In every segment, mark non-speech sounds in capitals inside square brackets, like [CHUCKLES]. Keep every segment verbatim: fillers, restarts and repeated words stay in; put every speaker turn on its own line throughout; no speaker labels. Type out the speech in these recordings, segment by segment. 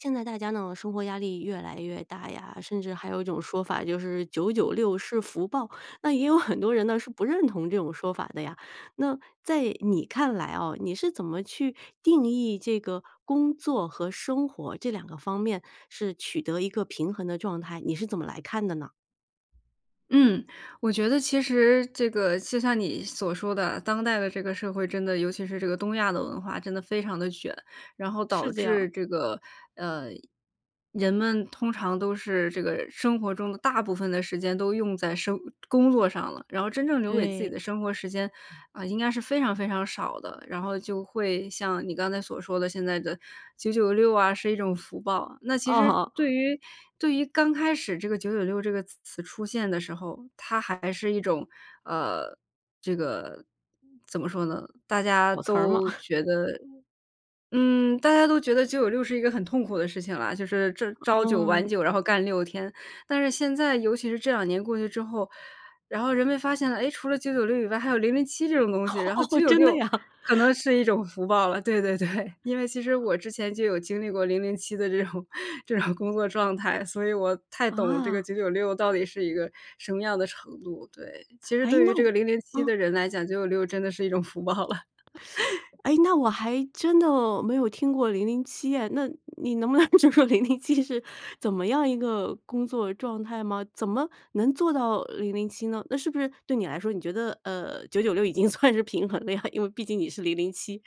现在大家呢，生活压力越来越大呀，甚至还有一种说法就是九九六是福报。那也有很多人呢是不认同这种说法的呀，那在你看来啊，你是怎么去定义这个工作和生活这两个方面是取得一个平衡的状态，你是怎么来看的呢？
嗯，我觉得其实这个就像你所说的，当代的这个社会，真的，尤其是这个东亚的文化真的非常得卷。然后
是
导
这样。
致这个，呃，人们通常都是这个生活中的大部分的时间都用在生工作上了，然后真正留给自己
对。
的生活时间，呃，应该是非常非常少的。然后就会像你刚才所说的现在的九九六啊，是一种福报，那其实
哦。
对于对于刚开始这个九九六这个词词出现的时候，它还是一种，呃，这个怎么说呢，大家
裸辞儿嘛。
都觉
[CHUCKLES]
得，嗯，大家都觉得九九六是一个很痛苦的事情啦。就是朝朝九晚
嗯。
九，然后干六天。但是现在尤其是这两年过去之后，然后人们发现了，哎，除了九九六以外，还有零零七这种东西。然后九
[LAUGHS]
九
真的
六
呀？
可能是一种福报了，对对对。因为其实
[LAUGHS]
我之前就有经历过零零七的这种这种工作状态。所以我太懂这个
啊。
九九六到底是一个什么样的程度。对，其实
诶，
对于
那
这个
我
零零七
嗯。
的人来讲，九九六真的是一种福报了。
[SUCKS TEETH]
[LAUGHS]
诶，那我还真的没有听过零零七哎，那你能不能就说零零七是怎么样一个工作状态吗？怎么能做到零零七呢？那是不是对你来说，你觉得，呃，九九六已经算是平衡了呀？因为毕竟你是零零七。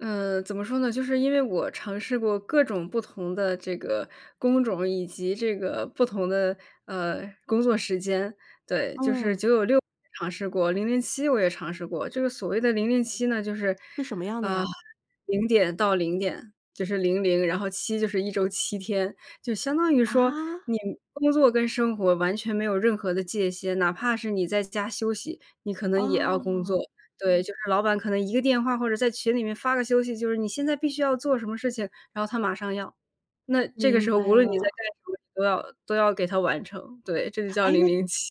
呃，怎么说呢？就是因为我尝试过各种不同的这个工种以及这个不同的，呃，工作时间。对，就是
嗯。
九九六也尝试过，零零七我也尝试过，这个所谓的零零七呢就是，
是什么样的呀？
[SIGHS] 零点到零点就是零零，然后七就是一周七天，就相当于说
啊？
你工作跟生活完全没有任何的界限，哪怕是你在家休息，你可能也要工作。
哦。
对，就是老板可能一个电话，或者在群里面发个消息，就是你现在必须要做什么事情，然后他马上要。那这个时
明
候，
白
无论你在
了。
干什么，你都要都要给他完成，对，这就叫
诶，
零
那
零七。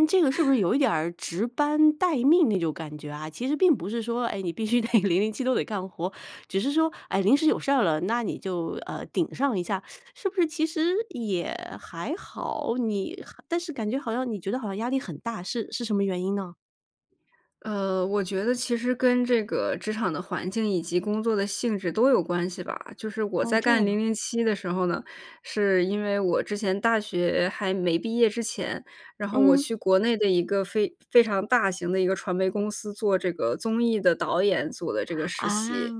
你这个是不是
[LAUGHS]
有一点儿值班待命那种感觉啊？其实并不是说，哎，你必须得零零七都得干活，只是说，哎，临时有事儿了，那你就，呃，顶上一下。[SUCKS TEETH] 是不是其实也还好，你还但是感觉好像你觉得好像压力很大，是是什么原因呢？
呃，我觉得其实跟这个职场的环境以及工作的性质都有关系吧。就是我
哦，
在
这样
干
啊。
零零七的时候呢，是因为我之前大学还没毕业之前，然后我
嗯。
去国内的一个非非常大型的一个传媒公司做这个综艺的导演做的这个实
啊，
习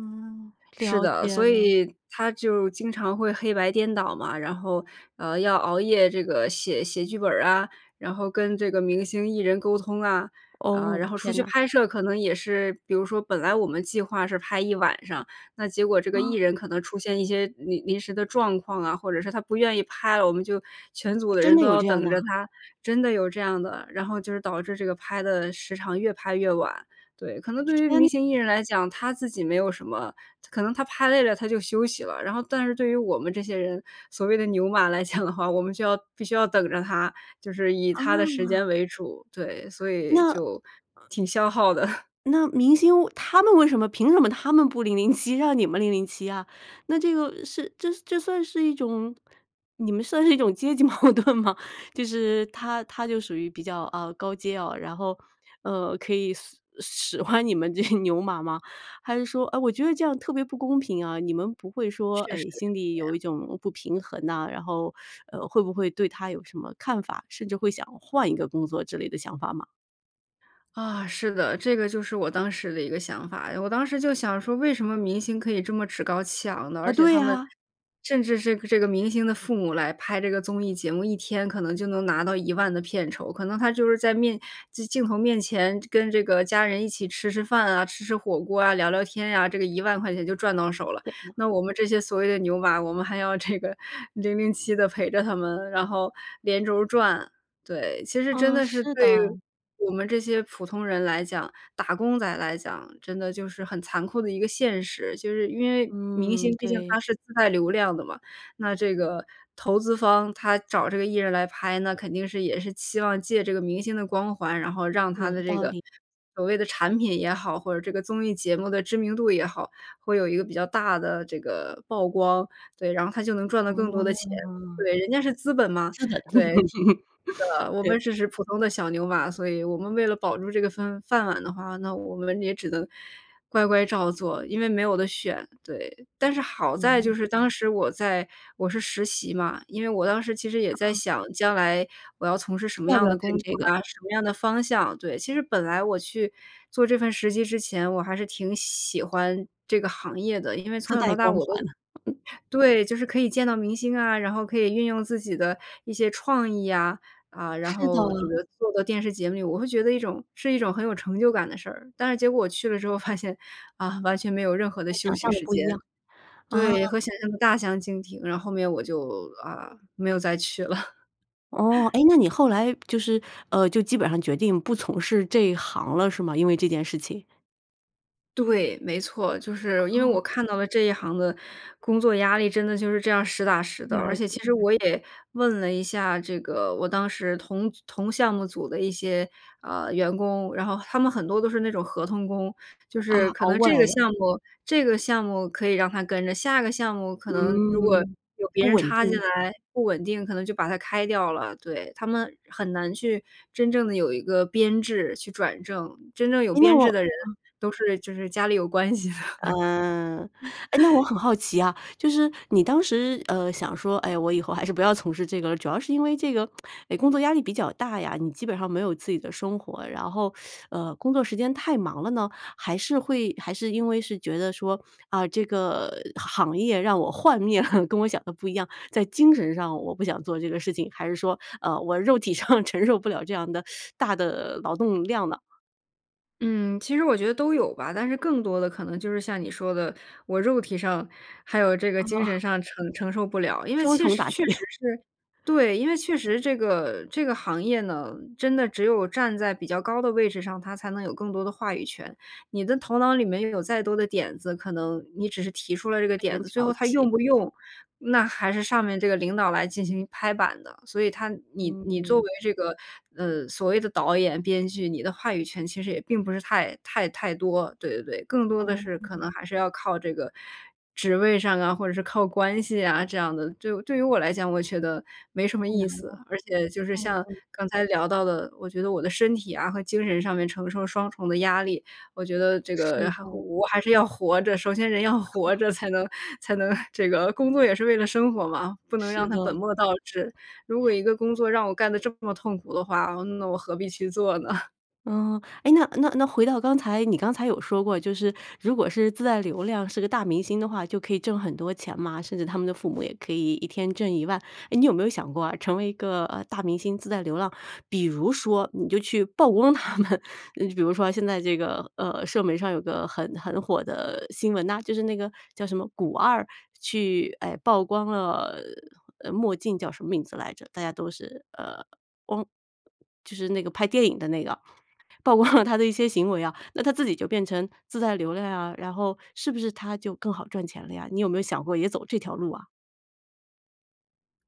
是
了
的，
解
所
了。
以它就经常会黑白颠倒嘛，然后，呃，要熬夜这个写写剧本儿啊，然后跟这个明星艺人沟通啊，啊，
哦，
然后出
天
去
啊。
拍摄可能也是比如说本来我们计划是拍一晚上，那结果这个艺
哦。
人可能出现一些临临时的状况啊，或者是他不愿意拍了，我们就全组的
真
人
的
都
有
要
这样
等
的
着
啊？
他。真的有这样的，然后就是导致这个拍的时长越拍越晚，对。可能对于
天。
明星艺人来讲，他自己没有什么，可能他拍累了，他就休息了。然后但是对于我们这些人，所谓的牛马来讲的话，我们就要必须要等着他，就是以他的时
哦。
间为主。对，所以
那
就挺消耗的。[CHUCKLES]
那明星为他们为什么凭什么他们不零零七让你们零零七啊？那这个是这这算是一种你们算是一种阶级矛盾吗？就是他他就属于比较，哦，高阶哦，然后，呃，可以随使唤你们这些牛马吗？还是说唉，我觉得这样特别不公平啊，你们不会说，
确实是
唉，心里
这
有
样。
一种不平衡呐，然后，[SUCKS TEETH] 呃，会不会对他有什么看法，甚至会想换一个工作之类的想法吗？
啊，是的，这个就是我当时的一个想法。我当时就想说：“为什么明星可以这么趾高气昂呢？”
啊，
而且
对
他们
呀。
甚至是这个明星的父母来拍这个综艺节目，一天可能就能拿到一万的片酬。可能他就是在面镜头面前跟这个家人一起吃吃饭啊、吃吃火锅啊、聊聊天呀，这个一万块钱就赚到手了。
天哪。
那我们这些所谓的牛马，我们还要这个零零七地陪着他们，然后连轴转。对，其实真
啊，
的是
是
对
的。
我们这些普通人来讲、打工仔来讲真的就是很残酷的一个现实。就是因为明
嗯，
星毕竟
对。
他是自带流量的嘛，那这个投资方，他找这个艺人来拍，那肯定是也是期望借这个明星的光环，然后让他
有
的这
道
个
理。
所谓的产品也好，或者这个综艺节目的知名度也好，会有一个比较大的这个曝光。对，然后他就能赚到更多的钱。
哦。
对，人家是资本嘛，
是的。
对，是
[LAUGHS]
的，我
对。
们只是普通的小牛马，所以我们为了保住这个饭饭碗的话，那我们也只能乖乖照做，因为没有得选，对。但是好在
嗯。
就是当时我在我是实习嘛，因为我当时其实也在
啊。
想：“将来我要从事什么
要不
样
要
的工
干
作
这个？
呀？什么样的方向？”对，其实本来我去做这份实习之前，我还是挺喜欢这个行业的。因为从
自
小到
带
大
光
我都
环。
对，就是可以见到明星啊，然后可以运用自己的一些创意呀，啊，然
是的。
后这个做的电视节目里，我会觉得一种是一种很有成就感的事儿。但是结果我去了之后发现，啊，完全没有任何的
和
休
想
息
象得
时
不一
间。
样。啊。
对，和想象得大相径庭，然后后面我就，啊，没有再去了。
哦。
[CHUCKLES]
诶，那你后来就是，呃，就基本上决定不从事这一行了是吗？因为这件事情？
对，没错，就是因为
哦。
我看到了这一行的工作压力，真的就是这样实打实的。而
了
且其
解。
实我也问了一下这个，我当时同组同项目组的一些，呃，员工，然后他们很多都是那种合同工。就
啊，
是可
熬
能
过
这
来
个
的。
项目这个项目可以让他跟着，下个项目可能如果
嗯，
有别
不
人
稳
插进
定。
来，不稳定，可能就把他开掉了，对。他们很难去真正地有一个编制去转正。真正有
诶，那
编
我
制的人，
嗯。
都是就是家里有关系的。
嗯。诶，那我很好奇啊，就是你当时，呃，想说：“哎，我以后还是不要从事这个”，主要是因为这个，[SUCKS TEETH] 哎，工作压力比较大呀，你基本上没有自己的生活，然后，[SUCKS TEETH] 呃，工作时间太忙了呢？还是会还是因为是觉得说：“啊，这个行业让我幻灭了，[CHUCKLES] 跟我想得不一样。在精神上我不想做这个事情？还是说，呃，我肉体上承受不了这样的，[SUCKS TEETH] 大的劳动量呢？“
嗯，其实我觉得都有吧，但是更多的可能还是像你说的，我肉体上，还有这
啊。
个精神
[CHUCKLES]
上承承受不了。因为
双
其
重
实
打击。
确实
[CHUCKLES]
是对，因为确实这个这个行业呢，真的只有站在比较高的位置上，他才能有更多的话语权。你的头脑里面拥有再多的点子，可能你只是提出了这个
被
点
人
子，最后
剽
他用
窃。
不用，那还是上面这个领导来进行拍板的。所以他你你作
嗯。
为这个，呃，所谓的导演、编剧，你的话语权其实也并不是太太太多。对对对，更多的是可能
哦。
还是要靠这个，职位上啊，或者是靠关系啊，这样的，对对于我来讲，我觉得没什么
太
意
难了，
思。而且就是像
嗯。
刚才聊到的，我觉得我的身体啊和精神上面承受双重的压力，我觉得这
是
个还好
的。
我还是要活着，首先人要活着才能，才能这个工作也是为了生活嘛，不能
是
让它本
的。
末倒置。如果一个工作让我干得这么痛苦的话，呃，那我何必去做呢？
嗯。诶，那那那回到刚才，你刚才有说过，就是如果是自带流量是个大明星的话，就可以挣很多钱嘛，甚至他们的父母也可以一天挣一万。诶，你有没有想过啊，成为一个，呃，大明星自带流浪。比如说你就去曝光他们，呃，比如说，现在这个，呃，社媒上有个很很火的新闻呐，就是那个叫什么古二去哎，曝光了，呃，墨镜叫什么名字来着，大家都是，呃，光就是那个拍电影的那个，曝光了 [CHUCKLES] 他的一些行为啊，那他自己就变成自带流量啊。然后是不是他就更好赚钱了呀？你有没有想过也走这条路啊？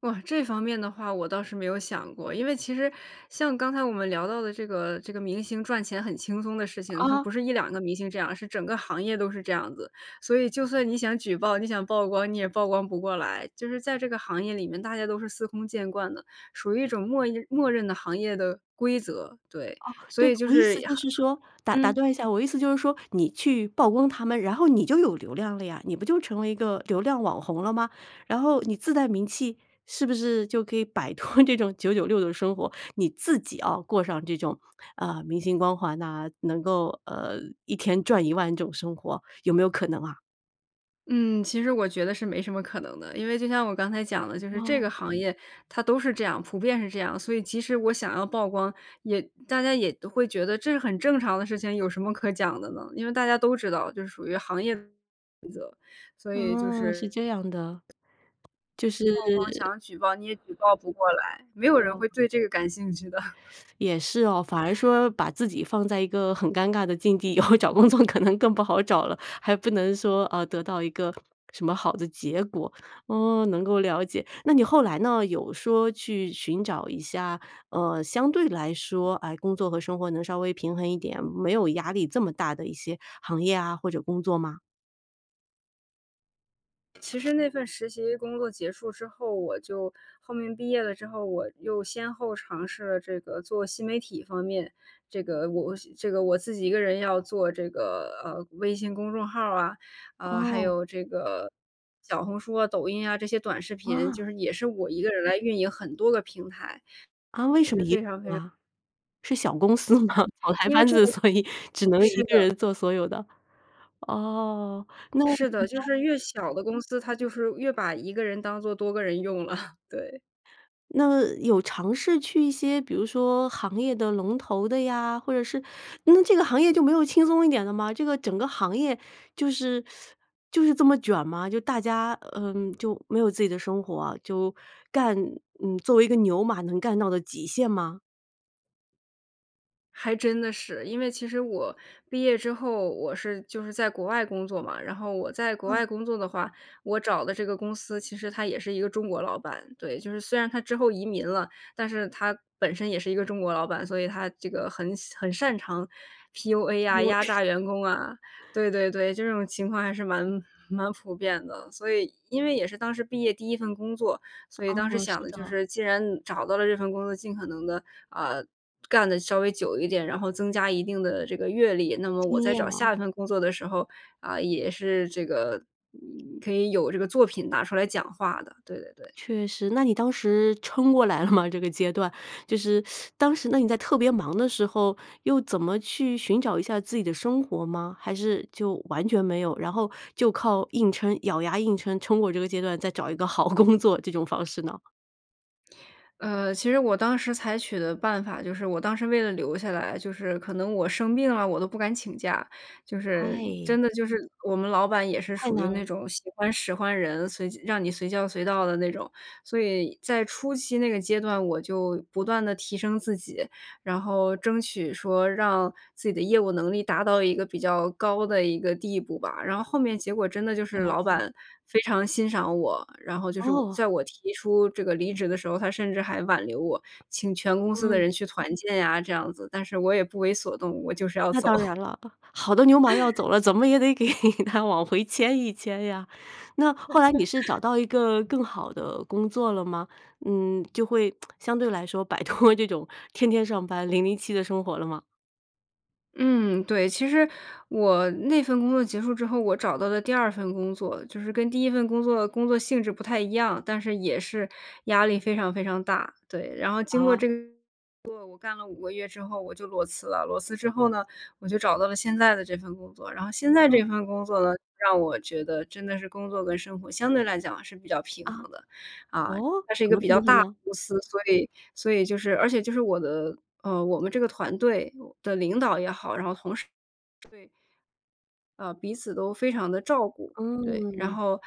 哇，这方面的话我倒是没有想过。因为其实像刚才我们聊到的这个这个明星赚钱很轻松的事情，他不
啊。
是一两个明星这样，而是整个行业都是这样子。所以就算你想举报、你想曝光，你也曝光不过来。就是在这个行业里面大家都是司空见惯的，属于一种默认默认的行业的规则，对，
哦，
所
对，
以就
我意
是
思就
很
是说，打
很
打
嗯。
断一下，我的意思就是说你去曝光他们，然后你就有流量了呀，你不就成为一个流量网红了吗？然后你自带名气，是不是就可以摆脱这种九九六的生活，你自己要过上这种，呃，明星光环呐，能够，呃，一天赚一万这种生活，有没有可能啊？
嗯，其实我觉得是没什么可能的，因为就像我刚才讲的就是这
哦。
个行业它都是这样，普遍是这样。所以即使我想要曝光，也大家也都会觉得这是很正常的事情，有什么可讲的呢？因为大家都知道这属于行业规则，所以就
哦，是
是。
这样的，就
曝光
是
想举报，你也举报不过来，没有人
哦。
会对这个感兴趣的。
也是哦。反而说把自己放在一个很尴尬的境地，以后找工作可能更不好找了，还不能说，呃，得到一个什么好的结果。哦，能够了解。那你后来呢，有说去寻找一下，呃，相对来说，哎，工作和生活能稍微平衡一点，没有压力这么大的一些行业啊或者工作吗？
其实那份实习工作结束之后，我就后面毕业了之后，我又先后尝试了这个做新媒体方面。这个我我是这个，我自己一个人要做这个，呃，微信公众号儿啊，啊，还
哦。
有这个，小红书啊、抖音啊，这些短视频，就
哇。
是，也是我一个人来运营很多个平台，
啊，为
也
什么
是
一
非常
[UNINTELLIGIBLE]
非常
啊，是小公司吗？草台
因为
班
这
子，
个
所以只能
是
一个
的。
人做所有的，哦，那
是的，就
[UNINTELLIGIBLE]
是越小的公司，他就是越把一个人当作多个人用了，对。
那有尝试去一些比如说行业的龙头的呀，或者是，那这个行业就没有轻松一点的吗？这个整个行业就是 [SUCKS TEETH] 就是这么卷吗？就大家嗯，就没有自己的生活啊，就干嗯，作为一个牛马能干到的极限吗？
还真的是，因为其实我毕业之后我是就是在国外工作嘛。然后我在国
嗯。
外工作的话，我找的这个公司其实他也是一个中国老板。对，就是虽然他之后移民了，但是他本身也是一个中国老板，所以他这个很擅很擅长 PUA 呀，
PU
压
A。
榨员工啊。对对对，这种情况还是蛮蛮普遍的。所以因为也是当时毕业第一份工作，所以当时
哦，
想
是
的就
的。
是既然找到了这份工作，尽可能的，啊，干得稍微久一点，然后增加一定的这个阅历。那么我
经
在
验
找
嘛。
下一份工作的时候啊，也是这个，可以有这个作品拿出来讲话的，对对对。
确实。那你当时撑过来了吗这个阶段？就是 [SUCKS TEETH] 当时，那你在特别忙的时候，又怎么去寻找一下自己的生活吗？还是就完全没有，然后就靠硬撑，咬牙硬撑撑过这个阶段，再找一个好工作这种方式呢？
呃，其实我当时采取的办法就是我当时为了留下来，就是可能我生病了，我都不敢请假。就是
哎。
真的就是我们老板也是
太
属于
难
那
了。
种喜欢使唤人，随叫让你随叫随到的那种。所以在初期那个阶段，我就不断地提升自己，然后争取说让自己的业务能力达到一个比较高的一个地步吧。然后后面结果真的就是
了
老
解。
板非常欣赏我，然后就是我
哦。
在我提出这个离职的时候，他甚至还挽留我。请全公司的
嗯。
人去团建呀，这样子，但是我也不为所动，我就是要
那
走。
当然了，好的牛马要
[LAUGHS]
走了，怎么也得给她往回牵一牵呀。那后来你是找
[LAUGHS]
到一个更好的工作了吗？嗯，就会，[TSK] 相对来说摆脱这种天天上班零零七的生活了吗？
嗯，对。其实我那份工作结束之后，我找到了第二份工作就是跟第一份工作工作性质不太一样，但是也是压力非常非常大，对。然后经过
啊。
这个工作，我干了五个月之后我就裸辞了。裸辞之后呢，我就找到了现在的这份工作。然后现在
嗯。
这份工作呢，让我觉得真的是工作跟生活相对来讲是比较平
啊，
衡的。啊，
哦？
它是一
怎
个
么
比较
平衡
大的
呢？
公司，所以所以就是而且就是我的呃，我们这个团队的领导也好，然后同事。呃，彼此都非常地照顾，对，然
嗯。
后，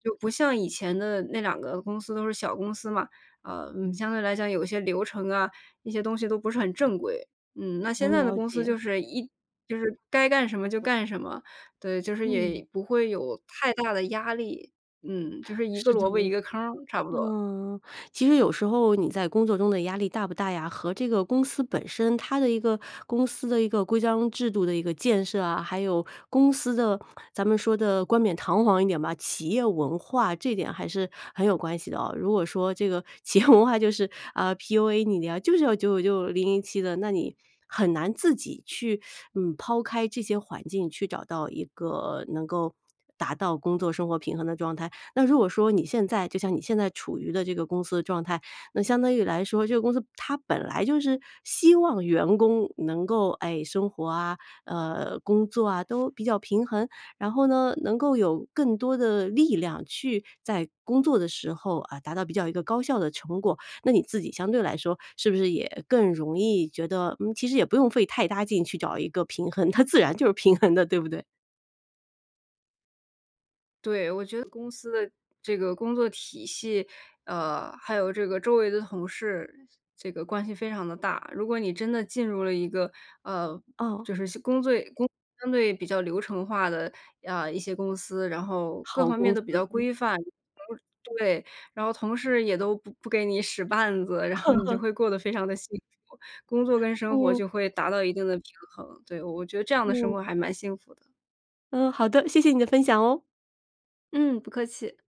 就不像以前的那两个公司都是小公司嘛，呃，嗯，相对来讲有流程啊，那些东西都不是很正规。嗯，那现
能
在的
了
公司
解。
就是一就是该干什么就干什么，对，就是
嗯。
也不会有太大的压力。嗯，就是一个
是的。
萝卜一个坑儿，差不多。
嗯，其实有时候你在工作中的压力大不大呀和这个公司本身它的一个公司的一个规章制度的一个建设啊，还有公司的咱们说得冠冕堂皇一点吧，企业文化这点还是很有关系的啊。如果说这个企业文化就是，啊，PUA 你呀，就是要九九六、零零七的，那你很难自己去，[SUCKS TEETH] 嗯，抛开这些环境去找到一个能够达到工作生活平衡的状态。那如果说你现在就像你现在处于的这个公司的状态，那相当于来说这个公司它本来就是希望员工能够，诶，生活啊，呃，工作啊都比较平衡。然后呢，能够有更多的力量去在工作的时候，啊，达到比较一个高效的成果，那你自己相对来说，是不是也更容易觉得，嗯，其实也不用费太大劲去找一个平衡，它自然就是平衡的，对不对？
对，我觉得公司的这个工作体系，呃，还有这个周围的同事这个关系非常地大。如果你真的进入了一个，呃，
哦。
就是新工最工作相对比较流程化的，呃，一些公司，然后各
好
方面
公
都比较
司。
规范，然后对，然后同事也都不不给你使绊子，然后你就
[LAUGHS]
会过得非常的幸福，工作跟生活
嗯。
就会达到一定的平衡。对，我我觉得这样的生
嗯。
活还蛮幸福的。
嗯，好的，谢谢你的分享哦。
嗯，不客气。